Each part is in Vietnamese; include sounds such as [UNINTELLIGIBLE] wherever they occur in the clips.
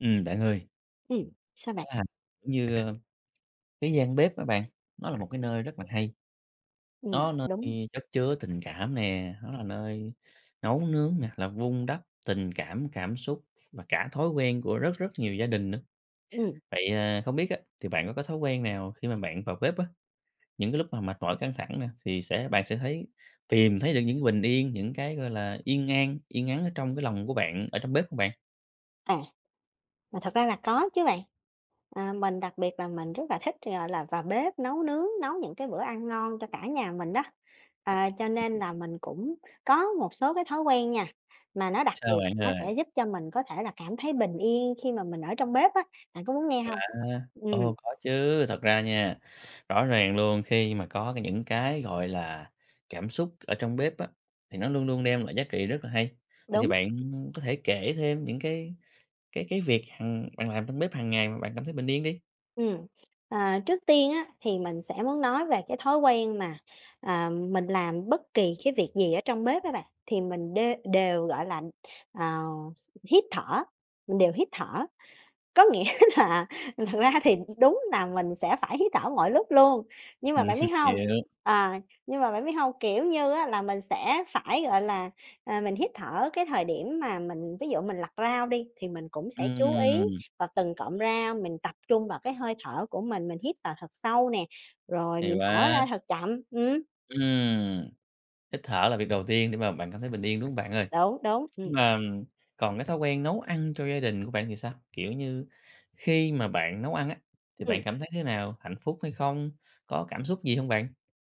Ừm, bạn ơi. Ừm, sao bạn? À, giống như, a, cái gian bếp á bạn, nó là một cái nơi rất là hay. Ừm, Nó nơi đúng. khi chất chứa tình cảm nè, nó là nơi nấu nướng nè, là vun đắp tình cảm, cảm xúc và cả thói quen của rất rất nhiều gia đình nữa. Ừm. Vậy, à, không biết á, thì bạn có có thói quen nào khi mà bạn vào bếp á, những cái lúc mà mệt mỏi, căng thẳng nè thì sẽ bạn sẽ thấy tìm thấy được những cái bình yên, những cái, gọi là, yên an, yên ắng ở trong cái lòng của bạn, ở trong bếp không bạn? À, mà thật ra là có chứ bạn, ờ, mình đặc biệt là mình rất là thích, gọi là, vào bếp nấu nướng, nấu những cái bữa ăn ngon cho cả nhà mình đó, ờ, cho nên là mình cũng có một số cái thói quen nha, mà nó đặc Sao biệt bạn nó ơi? sẽ giúp cho mình có thể là cảm thấy bình yên khi mà mình ở trong bếp á, bạn có muốn nghe Quá. hông? Ừm. Ô, có chứ, thật ra nha, rõ ràng luôn, khi mà có cái những cái, gọi là, cảm xúc ở trong bếp á, thì nó luôn luôn đem lại giá trị rất là hay, vậy thì Đúng. bạn có thể kể thêm những cái cái cái việc hằng bạn làm trong bếp hằng ngày mà bạn cảm thấy bình yên đi? Ừm. Ờ, trước tiên á thì mình sẽ muốn nói về cái thói quen mà, ờ, mình làm bất kỳ cái việc gì ở trong bếp á bạn, thì mình đê đều, gọi là, ờ, hít thở, mình đều hít thở. Có nghĩa là thật ra thì đúng là mình sẽ phải hít thở mọi lúc luôn, nhưng mà bạn biết [CHUCKLES] hông, Hiểu. ờ, nhưng mà bạn biết hông, kiểu như á, là mình sẽ phải, gọi là, ờ, mình hít thở cái thời điểm mà mình ví dụ mình lặt rau đi, thì mình cũng sẽ chú ý Ừm! vào từng cọng rau, mình tập trung vào cái hơi thở của mình. Mình hít vào thật sâu nè, rồi Hay mình thở ra quá! thật chậm, ừm. Ừm, hít thở là việc đầu tiên để mà bạn cảm thấy bình yên, đúng không bạn ơi? Đúng, đúng, Nhưng ừm. mà còn cái thói quen nấu ăn cho gia đình của bạn thì sao? Kiểu như, khi mà bạn nấu ăn á, thì bạn Ừm. cảm thấy thế nào? Hạnh phúc hay không? Có cảm xúc gì hông bạn?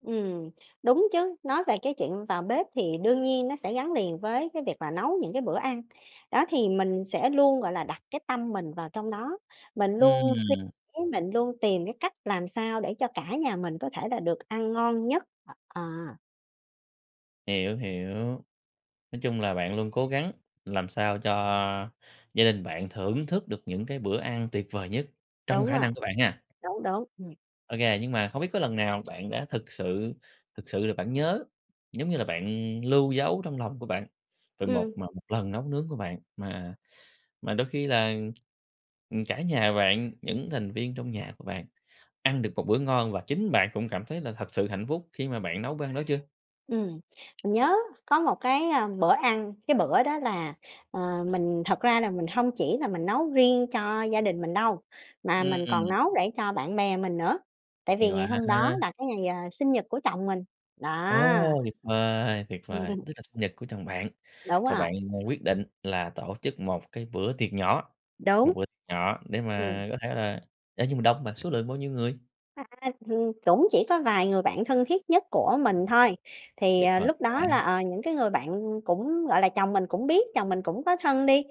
Ừm, đúng chứ, nói về cái chuyện vào bếp thì đương nhiên nó sẽ gắn liền với cái việc là nấu những cái bữa ăn, đó, thì mình sẽ luôn, gọi là, đặt cái tâm mình vào trong đó, mình luôn suy Ừm. mình luôn tìm cái cách làm sao để cho cả nhà mình có thể là được ăn ngon nhất, ờ. Hiểu hiểu. Nói chung là bạn luôn cố gắng làm sao cho gia đình bạn thưởng thức được những cái bữa ăn tuyệt vời nhất trong Đúng khả rồi. năng của bạn ha. Đúng, đúng. Ừm. Ô kê. Nhưng mà không biết có lần nào bạn đã thực sự thực sự là bạn nhớ, giống như là, bạn lưu giấu trong lòng của bạn về một Ừm. mà một lần nấu nướng của bạn mà mà đôi khi là, ừm, cả nhà bạn, những thành viên trong nhà của bạn ăn được một bữa ngon và chính bạn cũng cảm thấy là thật sự hạnh phúc khi mà bạn nấu bữa ăn đó chưa? Ừm. Mình nhớ có một cái, ừm, bữa ăn, cái bữa đó là, ờ, mình thật ra là mình hông chỉ là mình nấu riêng cho gia đình mình đâu mà mình còn Ừm. nấu để cho bạn bè mình nữa tại Hay vì quá! ngày hôm đó là cái ngày, ờ, sinh nhật của chồng mình. Đó. Ồ, tuyệt vời, tuyệt vời! [CHUCKLES] Tức là sinh nhật của chồng bạn, Đúng rồi rồi. bạn, ờ, quyết định là tổ chức một cái bữa tiệc nhỏ, một Đúng. bữa tiệc nhỏ để Ừm. mà có thể là ê, nhưng mà đông hông bạn? Số lượng bao nhiêu người? À, hìn cũng chỉ có vài người bạn thân thiết nhất của mình thôi. Thì, Tuyệt ờ, vời lúc đó là, quá! ờ, những cái người bạn cũng, gọi là, chồng mình cũng biết, chồng mình cũng có thân đi,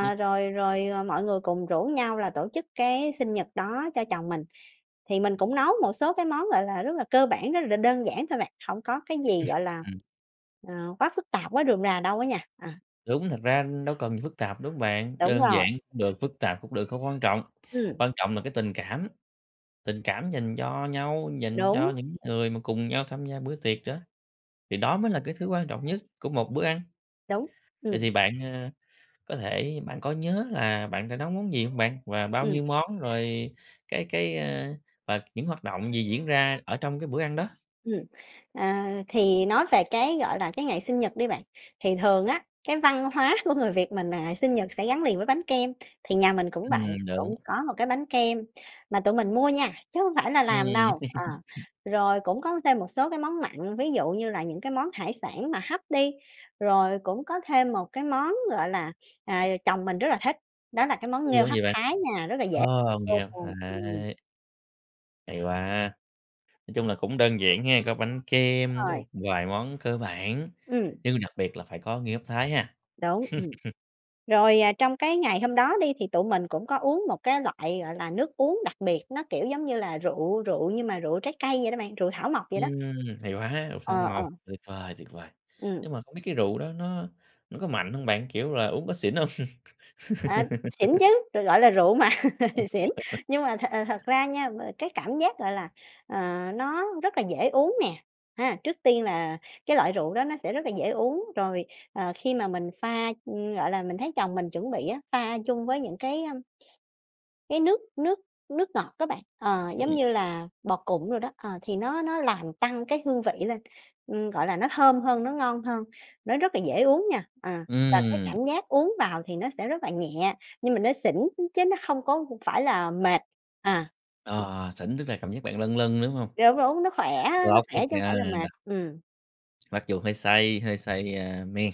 Ừ. rồi rồi, ờ, mọi người cùng rủ nhau là tổ chức cái sinh nhật đó cho chồng mình. Thì mình cũng nấu một số cái món, gọi là, rất là cơ bản, rất là đơn giản thôi bạn. Hổng có cái gì, gọi [CHUCKLES] là, Ừm. ờ, quá phức tạp, quá rườm rà đâu á nha, ờ. Đúng. Thật ra đâu cần gì phức tạp, đúng bạn? Đúng Đơn giản rồi. cũng được, phức tạp cũng được, không có quan trọng. Ừm. Quan trọng là cái tình cảm, tình cảm dành cho nhau, dành cho Đúng. những người mà cùng nhau tham gia bữa tiệc đó thì đó mới là cái thứ quan trọng nhất của một bữa ăn. Đúng. Vậy thì Ừm. bạn, ờ, có thể, bạn có nhớ là bạn đã nấu món gì hông bạn, và bao Ừm. nhiêu món rồi cái cái, ơ, và những hoạt động gì diễn ra ở trong cái bữa ăn đó? Ừm. Ờ, thì nói về cái, gọi là, cái ngày sinh nhật đi bạn. Thì thường á, cái văn hóa của người Việt mình là sinh nhật sẽ gắn liền với bánh kem thì nhà mình cũng vậy, Ừm. Đúng. cũng có một cái bánh kem mà tụi mình mua nha, chứ hông phải là làm Ừm. đâu. Ờ. [CHUCKLES] Rồi cũng có thêm một số cái món mặn, ví dụ như là những cái món hải sản mà hấp đi. Rồi cũng có thêm một cái món, gọi là, ờ, chồng mình rất là thích, đó là cái món nghêu Luôn hấp gì bạn? Thái nha, rất là dễ Ô, nghêu hấp luôn, ừm. Thái. Hay quá! Nói chung là cũng đơn giản hén, có bánh Đúng kem, có rồi. một vài món cơ bản, Ừm. nhưng đặc biệt là phải có nghêu hấp Thái ha? Đúng, ừm. [CHUCKLES] Rồi, ờ, trong cái ngày hôm đó đi, thì tụi mình cũng có uống một cái loại, gọi là, nước uống đặc biệt, nó kiểu giống như là rượu rượu nhưng mà rượu trái cây vậy đó bạn, rượu thảo mộc vậy đó. Ừm. Hay quá! Rượu thảo Ờ, ờ. mộc. Tuyệt vời, tuyệt vời! Ừm. Nhưng mà không biết cái rượu đó nó nó có mạnh hông bạn? Kiểu là, uống có xỉn hông? Ờ, xỉn [LAUGHS] chứ. Rồi, gọi là, rượu mà, [CHUCKLES] xỉn. [LAUGHS] Nhưng mà th thật ra nha, m cái cảm giác, gọi là, ờ, nó rất là dễ uống nè, ha, trước tiên là cái loại rượu đó nó sẽ rất là dễ uống. Rồi, ờ, khi mà mình pha ưm, gọi là, mình thấy chồng mình chuẩn bị á, pha chung với những cái, ưm cái nước nước nước ngọt á bạn. Ờ, giống Ừm. như là bò cụng đồ đó, ờ, thì nó nó làm tăng cái hương vị lên. Ừm, gọi là, nó thơm hơn, nó ngon hơn, nó rất là dễ uống nha. Ờ, và cái Ừm. cảm giác uống vào thì nó sẽ rất là nhẹ, nhưng mà nó xỉn, ư, chứ nó hông có phải là mệt. À. Ờ, xỉn tức là cảm giác bạn lâng lâng, đúng hông? Đúng, đúng, nó khỏe á, nó Lốc hết khỏe chứ hổng phải trơn là rồi đ mệt. Ừm. Mặc dù hơi say, hơi say, ơ, men,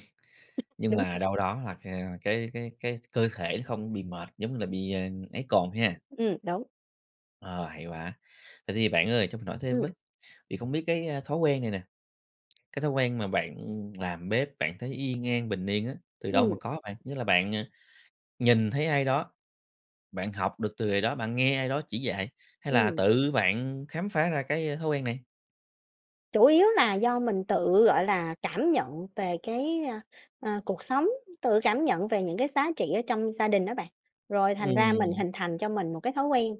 [CHUCKLES] nhưng Đúng. mà đâu đó là, ờ, cái cái cái cơ thể nó không bị mệt, giống như là bị, ờ, ấy cồn ha. Ừm, đúng. Ờ, hay quá. Vậy thì bạn ơi cho mình hỏi thêm Ừm. với, thì không biết cái, a, thói quen này nè, cái thói quen mà bạn, làm bếp, bạn thấy yên an, bình yên á, từ đâu mà Ừm. có bạn? Nghĩa là bạn, ờ, nhìn thấy ai đó bạn học được từ người đó, bạn nghe ai đó chỉ dạy, hay là Ừm. tự bạn khám phá ra cái, a, thói quen này? Chủ yếu là do mình tự, gọi là, cảm nhận về cái, ơ, ờ, cuộc sống, tự cảm nhận về những cái giá trị ở trong gia đình đó bạn, rồi thành ra mình Ừm. hình thành cho mình một cái thói quen.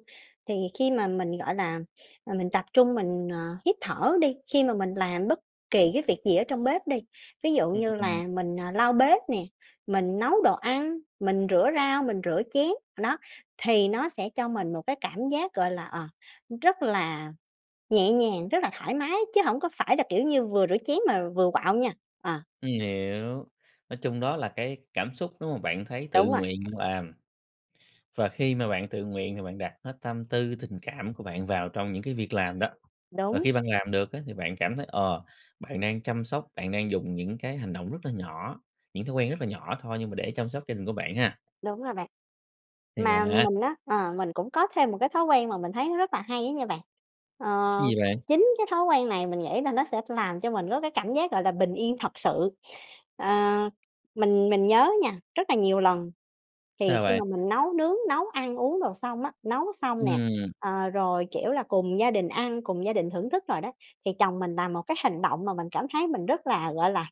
Thì khi mà mình, gọi là, ờ, mình tập trung mình, ờ, hít thở đi, khi mà mình làm bất kỳ cái việc gì ở trong bếp đi, ví dụ như Ừm. là mình, ờ, lau bếp nè, mình nấu đồ ăn, mình rửa rau, mình rửa chén, đó, thì nó sẽ cho mình một cái cảm giác, gọi là, ờ, rất là nhẹ nhàng, rất là thoải mái chứ hổng có phải là, kiểu như, vừa rửa chén mà vừa quạu nha. Ờ. Ừm, hiểu. Nói chung đó là cái cảm xúc đúng không? Bạn thấy tự Đúng rồi. nguyện bạn làm và khi mà bạn tự nguyện thì bạn đặt hết tâm tư tình cảm của bạn vào trong những cái việc làm đó. Và Đúng. khi bạn làm được á thì bạn cảm thấy, ờ, bạn đang chăm sóc, bạn đang dùng những cái hành động rất là nhỏ, những thói quen rất là nhỏ thôi nhưng mà để chăm sóc gia đình của bạn ha? Đúng rồi bạn. Hay Mà quá. mình á, ờ, mình cũng có thêm một cái thói quen mà mình thấy nó rất là hay á nha bạn. Cái Ờ, gì bạn? chính cái thói quen này mình nghĩ là nó sẽ làm cho mình có cái cảm giác, gọi là, bình yên thật sự. Ờ, mình mình nhớ nha, rất là nhiều lần, thì Sao khi bạn? mà mình nấu nướng, nấu ăn uống đồ xong á, nấu xong nè, Ừm. ờ, rồi, kiểu là, cùng gia đình ăn, cùng gia đình thưởng thức rồi đó, thì chồng mình làm một cái hành động mà mình cảm thấy mình rất là, gọi là,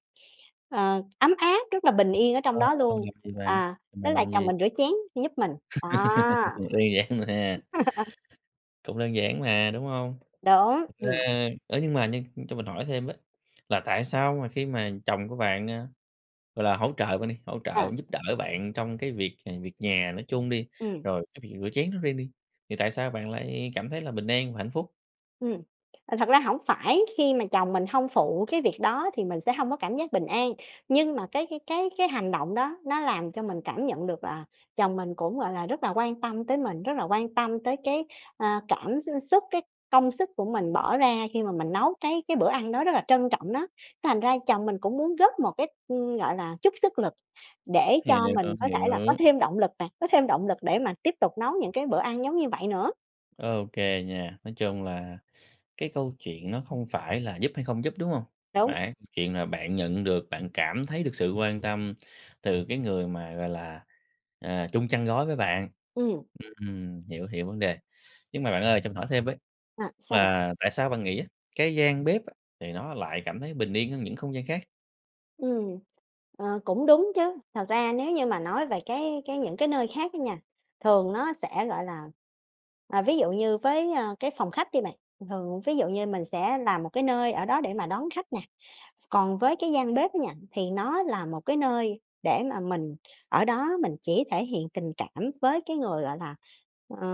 ờ, ấm áp, rất là bình yên ở trong Ờ, đó công luôn, việc gì bạn? à, đó Bạn là làm chồng gì? mình rửa chén giúp mình, đó. [LAUGHS] Vui vẻ nữa ha. [LAUGHS] Cũng đơn giản mà, đúng hông? Đúng, Thật ừm. ra, ơ, nhưng mà nhưng cho mình hỏi thêm với, là tại sao mà khi mà chồng của bạn, ờ, gọi là, hỗ trợ bạn đi, hỗ Ờ. trợ giúp đỡ bạn trong cái việc, à, việc nhà nói chung đi, Ừm. rồi cái việc rửa chén nói riêng đi, thì tại sao bạn lại, à, cảm thấy là bình an và hạnh phúc? Ừm. À, thật ra hổng phải khi mà chồng mình hông phụ cái việc đó thì mình sẽ hông có cảm giác bình an, nhưng mà cái cái cái cái hành động đó nó làm cho mình cảm nhận được là chồng mình cũng, gọi là, rất là quan tâm tới mình, rất là quan tâm tới cái, ơ, cảm x xúc, cái công sức của mình bỏ ra khi mà mình nấu cái cái bữa ăn đó, rất là trân trọng nó. Thành ra chồng mình cũng muốn góp một cái, ừm, gọi là, chút sức lực để cho Hiểu, mình có thể là có hiểu. thêm động lực nè, có thêm động lực để mà tiếp tục nấu những cái bữa ăn giống như vậy nữa. OK nha. Nói chung là cái câu chuyện nó không phải là giúp hay không giúp, đúng hông? Mà Đúng. á, chuyện là bạn nhận được, bạn cảm thấy được sự quan tâm từ cái người mà, gọi là, ờ, chung chăn gối với bạn. Ừm. Ừm, hiểu, hiểu vấn đề. Nhưng mà bạn ơi, cho mình hỏi thêm với, À, sao bạn? là tại sao bạn nghĩ á, cái gian bếp á, thì nó lại cảm thấy bình yên hơn những không gian khác? Ừm. Ờ, cũng đúng chứ. Thật ra nếu như mà nói về cái cái những cái nơi khác ấy nha, thường nó sẽ, gọi là, à, ví dụ như, với, ơ, cái phòng khách đi bạn, thường thường ví dụ như mình sẽ làm một cái nơi ở đó để mà đón khách nè. Còn với cái gian bếp á nha, thì nó là một cái nơi để mà mình ở đó mình chỉ thể hiện tình cảm với cái người, gọi là, ờ,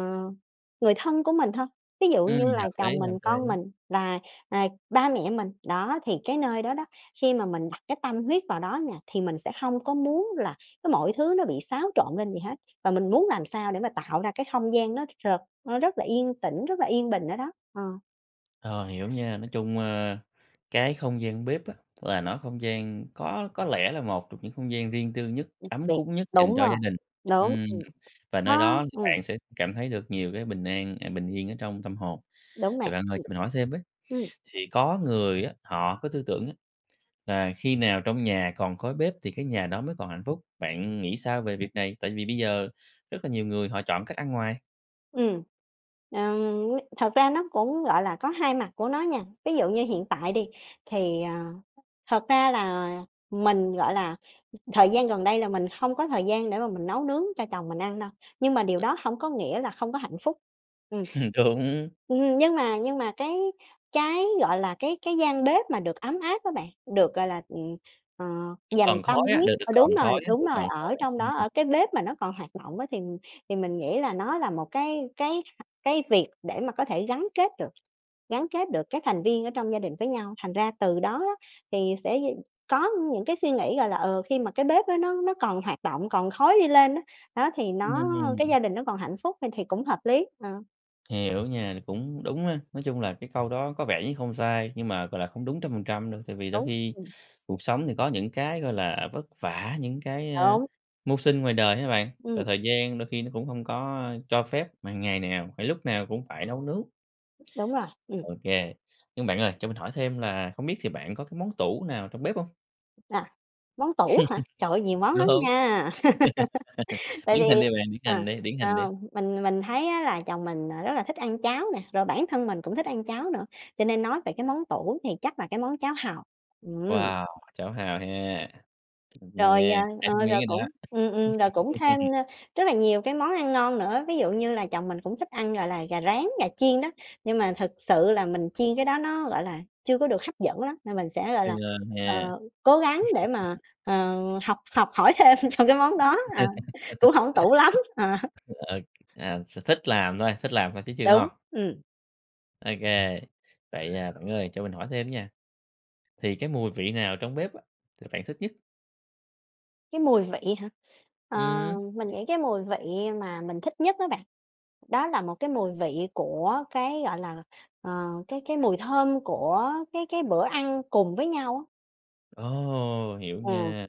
người thân của mình thôi, ví dụ Ừm, như hợp là lý, chồng mình, hợp con lý. mình và, à, ba mẹ mình. Đó, thì cái nơi đó đó, khi mà mình đặt cái tâm huyết vào đó nha, thì mình sẽ hông có muốn là cái mọi thứ nó bị xáo trộn lên gì hết. Và mình muốn làm sao để mà tạo ra cái không gian nó r nó rất là yên tĩnh, rất là yên bình ở đó. Ờ. Ờ, hiểu nha. Nói chung, ơ, cái không gian bếp á là nói không gian có có lẽ là một trong những không gian riêng tư nhất, Ừm, v ấm cúng nhất dành đúng cho gia rồi, đình, đúng, ừm, ừm, và nơi nó đó thì ừm. bạn sẽ cảm thấy được nhiều cái bình an à, bình yên ở trong tâm hồn. Đúng Vậy nè, bạn ơi, ừm. cho mình hỏi thêm với, Ừm. thì có người á, họ có tư tưởng á là khi nào trong nhà còn khói bếp thì cái nhà đó mới còn hạnh phúc, bạn nghĩ sao về việc này? Tại vì bây giờ rất là nhiều người họ chọn cách ăn ngoài. Ừm. Ừm, n thật ra nó cũng, gọi là, có hai mặt của nó nha. Ví dụ như hiện tại đi thì, ờ, thật ra là mình, gọi là, ừ, thời gian gần đây là mình hông có thời gian để mà mình nấu nướng cho chồng mình ăn đâu, nhưng mà điều đó hổng có nghĩa là không có hạnh phúc, ừm. [CHUCKLES] Đúng. Ừm, nhưng mà nhưng mà cái cái, gọi là, cái cái gian bếp mà được ấm áp á bạn, được gọi là, ừm, ờ, dành Còn tâm khói á, huyết, được được ờ, đúng còn rồi, khói á, đúng được rồi, còn khói ở á, trong ừm, đó, ừm. ở cái bếp mà nó còn hoạt động á thì thì mình nghĩ là nó là một cái cái cái việc để mà có thể gắn kết được gắn kết được các thành viên ở trong gia đình với nhau. Thành ra từ đó á thì sẽ d có những cái suy nghĩ, gọi là, ờ, khi mà cái bếp á nó nó còn hoạt động, còn khói đi lên á, đó, thì nó cái Ừm. gia đình nó còn hạnh phúc, à, thì cũng hợp lý, ờ. Hiểu nha, cũng đúng á, nói chung là cái câu đó có vẻ như không sai, nhưng mà, gọi là, không đúng trăm phần trăm đâu tại vì đôi Đúng. khi Ừm. cuộc sống thì có những cái, gọi là, vất vả, những cái, ơ, Đúng. mưu sinh ngoài đời á bạn, và Ừm. thời gian đôi khi nó cũng hông có cho phép mà ngày nào phải lúc nào cũng phải nấu nướng. Đúng rồi. Ừm. OK. Nhưng bạn ơi, cho mình hỏi thêm là không biết thì bạn có cái món tủ nào trong bếp hông? À, món tủ hả? Trời ơi, [CHUCKLES] nhiều món Đúng. lắm nha. [LAUGHS] [LAUGHS] Tại Điển vì hình đi bạn, điển ờ, hình đi, điển ờ, hình đi. mình mình thấy á, là chồng mình, ờ, rất là thích ăn cháo nè, rồi bản thân mình cũng thích ăn cháo nữa cho nên nói về cái món tủ thì chắc là cái món cháo hàu. Ừm. Wow, cháo hàu ha. Ừm, Rồi, nghe chảy ờ, nước ờ, miếng rồi rồi cũng đó. ừm, ừm, rồi cũng thêm, [LAUGHS] ơ, rất là nhiều cái món ăn ngon nữa. Ví dụ như là, chồng mình cũng thích ăn, gọi là, gà rán, gà chiên đó. Nhưng mà thực sự là mình chiên cái đó nó, gọi là, chưa có được hấp dẫn lắm. Nên mình sẽ, gọi Chưa là, ờ, ha. cố gắng để mà, ờ, [CHUCKLES] học học hỏi thêm cho cái món đó, ờ, cũng [LAUGHS] hổng tủ lắm. Ờ ha. Ờ, à, sở thích làm thôi, thích làm thôi chứ chưa Đúng, ngon. ừm. OK, vậy, ờ, bạn ơi cho mình hỏi thêm á nha, thì cái mùi vị nào trong bếp á, thì bạn thích nhất? Cái mùi vị hả? Ờ, Ừm. mình nghĩ cái mùi vị mà mình thích nhất á bạn, đó là một cái mùi vị của cái, gọi là, ờ, cái cái mùi thơm của cái cái bữa ăn cùng với nhau á. Ồ, hiểu Ừm, nha,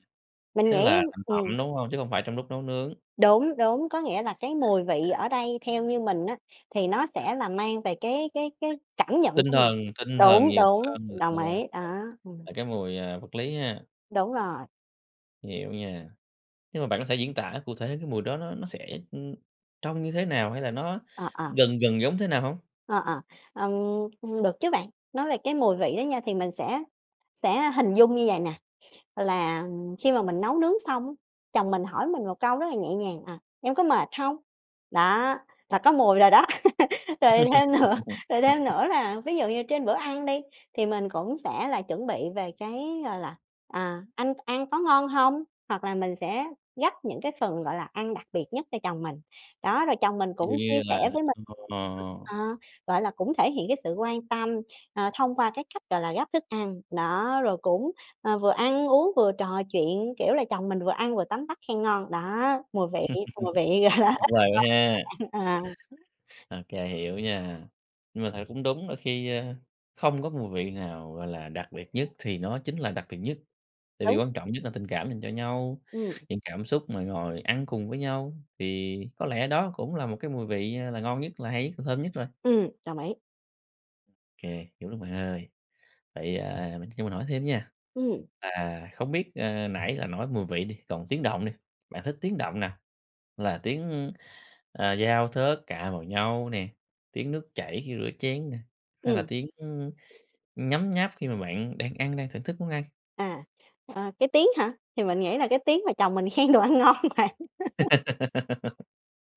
mình tức nghĩ là thành ừm. phẩm, đúng hông? Chứ hông phải trong lúc nấu nướng. Đúng, đúng, có nghĩa là cái mùi vị ở đây theo như mình á thì nó sẽ là mang về cái cái cái cảm nhận Tinh của mình. thần tinh thần Đúng, nhiều đúng, hơn [UNINTELLIGIBLE] đồng ý đó. Ừm. là cái mùi vật lý ha. Đúng rồi. Hiểu nha, nhưng mà bạn có thể diễn tả cụ thể cái mùi đó nó nó sẽ, ưm, trông như thế nào hay là nó Ờ, ờ. gần gần giống thế nào hông? Ờ, ờ. Ừm, ưm, được chứ bạn. Nói về cái mùi vị đó nha thì mình sẽ sẽ hình dung như vầy nè, là khi mà mình nấu nướng xong á, chồng mình hỏi mình một câu rất là nhẹ nhàng, ờ, "Em có mệt hông?" Đó, là có mùi rồi đó. [LAUGHS] Rồi thêm nữa rồi thêm [LAUGHS] nữa là ví dụ như trên bữa ăn đi thì mình cũng sẽ là chuẩn bị về cái, gọi là "À, anh ăn có ngon hông?" hoặc là mình sẽ gắp những cái phần, gọi là, ăn đặc biệt nhất cho chồng mình. Đó, rồi chồng mình Ví dụ cũng chia như sẻ là với mình, ờ. ờ, gọi là, cũng thể hiện cái sự quan tâm, ờ, thông qua cái cách, gọi là, gắp thức ăn. Đó, rồi cũng, ờ, vừa ăn uống vừa trò chuyện, kiểu là, chồng mình vừa ăn vừa tấm tắc khen ngon. Đó, mùi vị, [LAUGHS] mùi vị, gọi là, Tuyệt vời quá ha. rất ngon bạn à. OK, hiểu nha, nhưng mà thật ra cũng đúng là khi, ơ, không có mùi vị nào, gọi là, đặc biệt nhất thì nó chính là đặc biệt nhất, tại vì Đúng. quan trọng nhất là tình cảm dành cho nhau. Ừm. Những cảm xúc mà ngồi ăn cùng với nhau, thì có lẽ đó cũng là một cái mùi vị là ngon nhất là hay nhất, là thơm nhất rồi. Ừm, đồng ý. Kê, hiểu lắm bạn ơi. Vậy, ờ, mình cho mình hỏi thêm nha, Ừm. là không biết, ờ, nãy là nói mùi vị đi, còn tiếng động đi, bạn thích tiếng động nào? Là tiếng, à, dao thớt cạ vào nhau nè, tiếng nước chảy khi rửa chén nè, hay là Ừm. tiếng, ưm, nhấm nháp khi mà bạn đang ăn, đang thưởng thức món ăn? À, à, cái tiếng hả? Thì mình nghĩ là cái tiếng mà chồng mình khen đồ ăn ngon bạn. [LAUGHS] [LAUGHS]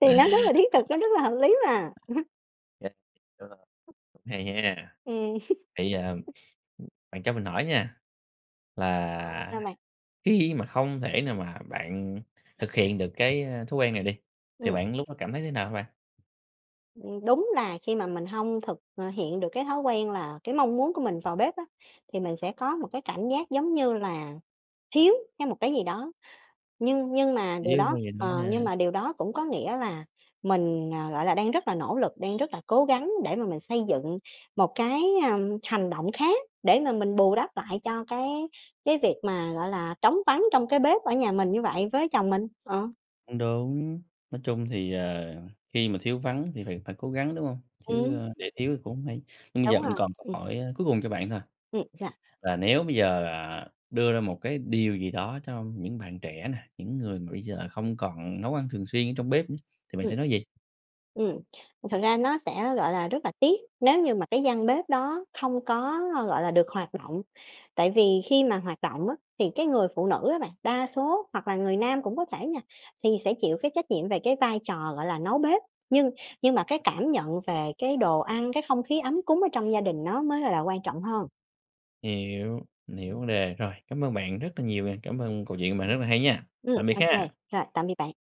Thì nó rất là thiết thực, nó rất là hợp lý mà. [CHUCKLES] Yeah, đúng rồi. Hay ha! Ừm. Thì, ờ, [CHUCKLES] ừm, bạn cho mình hỏi nha, Sao là bạn? khi mà không thể nào mà bạn thực hiện được cái, à, thói quen này đi, thì Ừm. bạn lúc đó cảm thấy thế nào hả bạn? Ưm, đúng là khi mà mình hông thực, à, hiện được cái thói quen là cái mong muốn của mình vào bếp á, thì mình sẽ có một cái cảm giác, giống như là, thiếu hay một cái gì đó. Nhưng nhưng mà Chủ điều yếu như đó, vầy nói ờ, nha. nhưng mà điều đó cũng có nghĩa là mình, à, gọi là, đang rất là nỗ lực, đang rất là cố gắng để mà mình xây dựng một cái, à, hành động khác để mà mình bù đắp lại cho cái cái việc mà, gọi là, trống vắng trong cái bếp ở nhà mình như vậy với chồng mình, ờ. Cũng đúng. Nói chung thì, ờ, khi mà thiếu vắng thì phải phải cố gắng, đúng hông? Chứ, Ừm. a, để thiếu thì cũng hổng hay. Nhưng bây giờ Đúng mình rồi, còn câu ừm. hỏi, a, cuối cùng cho bạn thôi, Ừm, sao? là nếu bây giờ, ờ, đưa ra một cái điều gì đó cho những bạn trẻ nè, những người mà bây giờ không còn nấu ăn thường xuyên ở trong bếp á, thì bạn Ừm. sẽ nói gì? Ừm, thật ra nó sẽ, gọi là, rất là tiếc nếu như mà cái gian bếp đó không có, gọi là, được hoạt động, tại vì khi mà hoạt động á thì cái người phụ nữ á bạn, đa số hoặc là người nam cũng có thể nha, thì sẽ chịu cái trách nhiệm về cái vai trò, gọi là, nấu bếp. Nhưng nhưng mà cái cảm nhận về cái đồ ăn, cái không khí ấm cúng ở trong gia đình nó mới, gọi là, quan trọng hơn. Hiểu, mình hiểu vấn đề, rồi, cám ơn bạn rất là nhiều nè, cảm ơn câu chuyện của bạn rất là hay nha, Ừm, tạm biệt ô kê, ha! rồi, tạm biệt bạn.